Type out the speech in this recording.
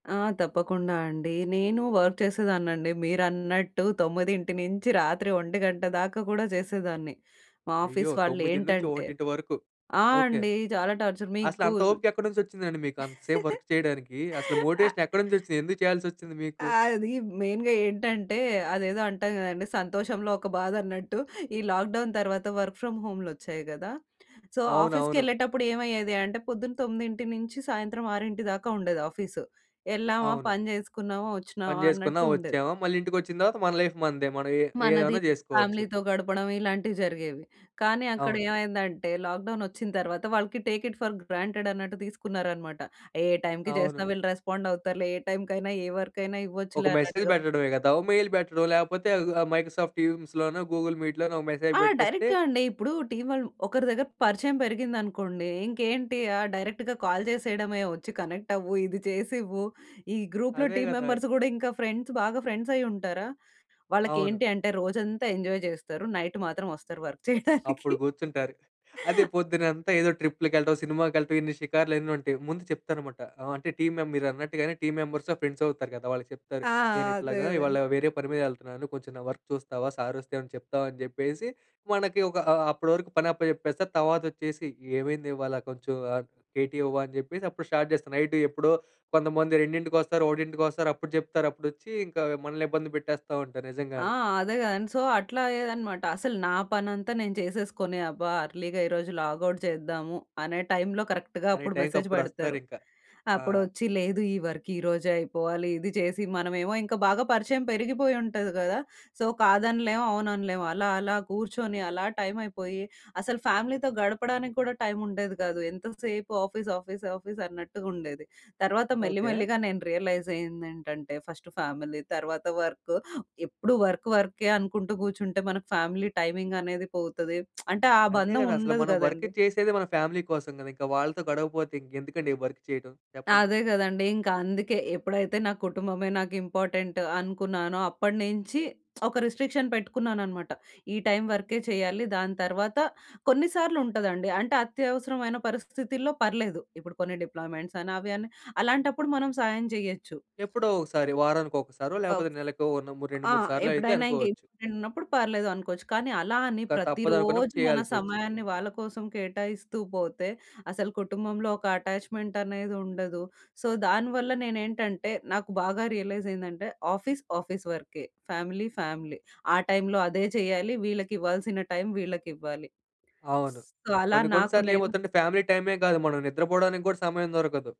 ఆ! తప్పకుండా అండి. నేనూ వర్క్ చేసేదాన్నండి. మీరన్నట్టు తొమ్మిదింటి నుంచి రాత్రి 1 దాకా కూడా చేసేదాన్ని. మా అయ్యో! ఆఫీస్ తొమ్మిదింటి నుంచి వాళ్ళేంటంటే. ఒకటింటి వరకు. ఆ! ఓకే. అండి. చాలా టార్చర్. మీకు అసలంత ఓపిక ఎక్కడి నుంచి వచ్చిందండి మీకంత సేపు వర్క్ చేయడానికి. అసలు మోటివేషన్ ఎక్కడ నుంచి వచ్చింది? ఎందుకు చేయాల్సి వచ్చింది మీకు? అది మెయిన్‌గా ఏంటంటే అదేదో అంటాం గదండీ! సంతోషంలో ఒక బాధన్నట్టు. ఈ లాక్‌డౌన్ తర్వాత వర్క్ ఫ్రమ్ హోమ్‌లొచ్చాయి గదా! సో అవునవును. ఆఫీస్‌కెళ్ళేటప్పుడు ఏమయ్యేది అంటే పొద్దున తొమ్మిదింటి నుంచి సాయంత్రం ఆరింటి దాకా ఉండేది ఆఫీస్. ఎళ్ళామా, అవును. పని చేసుకున్నామా, పని వచ్చినామా జేసుకున్నా అన్నట్టుండేది. వచ్చామా మళ్ళీ ఇంటికొచ్చిన తర్వాత మన లైఫ్ మనదే. మనం ఏ మనది ఏమైనా చేసుకోవచ్చు. ఫ్యామిలీ‌తో గడపడం ఇలాంటివి జరిగేవి. కానీ అక్కడ అవును. ఏమైందంటే లాక్‌డౌన్ వచ్చిన తరువాత వాళ్ళకి టేక్ ఇట్ ఫర్ గ్రాంటెడ్ అన్నట్టు తీసుకున్నారన్నమాట. ఏ టైమ్‌కి అవును. చేసినా వీళ్ళు రెస్పాండ్ అవుతారులే. ఏ టైమ్‌కైనా ఏ వర్క్ అయిన ఒక ఇవ్వచ్చులే మెసేజ్ అన్నట్టుగా. పెట్టడమే కదా! ఒక మెయిల్ పెట్టడం. లేకపోతే ఆ మైక్రోసాఫ్ట్ టీమ్స్‌లోనో, గూగుల్ మీట్‌లోనో ఒక మెసేజ్ ఆ! పెట్టేస్తే డైరెక్ట్‌గా అండి, ఇప్పుడు టీమ్ వాళ్ళు ఒకరి దగ్గర పరిచయం పెరిగిందనుకోండి. ఇంకేంటి ఆ! డైరెక్ట్‌గా కాల్ చేసేయడమే వచ్చి కనెక్ట్ అవ్వు ఇది చేసివ్వు. ఈ గ్రూప్‌లో అదే టీమ్ గదా! మెంబర్స్ కూడా ఇంకా ఫ్రెండ్స్ బాగా ఫ్రెండ్స్ అయ్యుంటారా! అవును. వాళ్ళకేంటి అంటే రోజంతా ఎంజాయ్ చేస్తారు. నైట్ మాత్రం వస్తారు వర్క్ చేయడానికి. అప్పుడు కూర్చుంటారు. అదే పొద్దున్నంతా ఏదో ట్రిప్‌లకెళ్ళటం. సినిమాకెళ్ళటం. ఇన్ని షికార్లు అన్నుంటాయి. ముందు చెప్తారనమాట. ఆహ్, అంటే టీమ్ మెం మీరన్నట్టుగానే టీమ్ మెంబర్స్ ఫ్రెండ్స్ అవుతారు కదా! వాళ్ళకి చెప్తారు. ఆ! నేను అదే. ఇట్లాగా అదే. ఇవాళ వేరే పని మీదెళ్తున్నాను. కొంచెం నా వర్క్ చూస్తావా సార్ వస్తే ఏమన్నా చెప్తావా అని చెప్పేసి మనకి ఒక ఆహ్, అప్పటి వరకు పని అప్పచెప్పేస్తారు. తర్వాత వచ్చేసి ఏమైందివాళ కొంచెం ఆ కేటీ ఇవ్వా! అని చెప్పేసి అప్పుడు స్టార్ట్ చేస్తా నైట్ ఎప్పుడో కొంతమంది రెండింటికొస్తారు, ఒకటింటికొస్తారు అప్పుడు చెప్తారు అప్పుడొచ్చి ఇంకా మనల్ని ఇబ్బంది పెట్టేస్తా ఉంటారు ఆ! నిజంగానే. అదే గదండి! సో అట్లా అయ్యేదన్నమాట. అసలు నా పనంతా నేను చేసేసుకొని అబ్బా! అర్లీగా ఈరోజు లాగౌట్ చేద్దాము అనే టైమ్‌లో కరెక్ట్‌గా అనే అప్పుడు టైమ్‌కి మెసేజ్ పెడతారు. అప్పుడొస్తారింక. ఆ! అప్పుడొచ్చి లేదు ఈ వర్క్ ఈరోజే అయిపోవాలి. ఇది చేసి మనమేమో ఇంకా బాగా పరిచయం పెరిగిపోయి ఉంటది గదా! సో కాదనలేం అవుననలేము. అలా అలా కూర్చొని అలా టైమ్ అయిపోయి. అసలు ఫ్యామిలీతో గడపడానికి కూడా టైమ్ ఉండేది గాదు. ఎంత సేపు ఆఫీస్, ఆఫీస్, ఆఫీస్ అన్నట్టుగ ఉండేది. తర్వాత మెల్లి ఓకే. మెల్లిగా నేను రియలైజ్ అయ్యిందేంటంటే ఫస్ట్ ఫ్యామిలీ తర్వాత వర్క్. ఎప్పుడు వర్క్ వర్కే అనుకుంటూ కూర్చుంటే మనకి ఫ్యామిలీ టైమింగ్ అనేది పోతది. అంటే ఆ అంతే బంధం కదా! అసలు ఉండదు మనం వర్క్ గదండీ! చేసేదే మన ఫ్యామిలీ కోసం గదా! ఇంక వాళ్ళతో గడవకపోతే ఇంకెందుకండీ ఈ వర్క్ చేయటం చెప్పండి. అదే గదండీ! ఇంకా అందుకే ఎప్పుడైతే నా కుటుంబమే నాకు ఇంపార్టెంట్ అనుకున్నానో అప్పడినుంచి ఒక రిస్ట్రిక్షన్ పెట్టుకున్నాననమాట. ఈ టైమ్ వరకే చేయాలి దాని తర్వాత కొన్నిసార్లు ఉంటదండి. అంటే అత్యవసరమైన పరిస్థితుల్లో పర్లేదు. ఇప్పుడు కొన్ని డిప్లాయిమెంట్స్ అఅని అవని అలాంటప్పుడు మనం సాయం జేయొచ్చు. ఎప్పుడో ఒకసారి వారానికొకసారో లేకపోతే నెలకో నో రెండు ఆ! మూడు సార్లో అయితే ఎప్పుడైనా ఇంక అనుకోవచ్చు. ఇంపార్టెంట్ ఉన్నప్పుడు పర్లేదు అనుకోవచ్చు. కానీ అలా అని ఇంకా తప్పదనుకున్నప్పుడు ప్రతిరోజు మన చేయాల్సొచ్చిద్ది. సమయాన్ని వాళ్ళ కోసం కేటాయిస్తూ పోతే అసలు కుటుంబంలో ఒక అటాచ్మెంట్ అఅనేది ఉండదు. సో దానివల్ల నేనేంటంటే నాకు బాగా రియలైజ్ అయిందంటే ఆఫీస్ ఆఫీస్ వర్కే. Family family. ఆ టైంలో అదే చేయాలి వీళ్ళకివ్వాల్సిన టైం వీళ్ళకివ్వాలి. అవును. సో అలా కొన్ని కొన్ని నాకు సార్లు నేను ఏమవుద్దంటే ఫ్యామిలీ టైమే కాదు. మనం నిద్రపోవడానికి కూడా సమయం దొరకదు.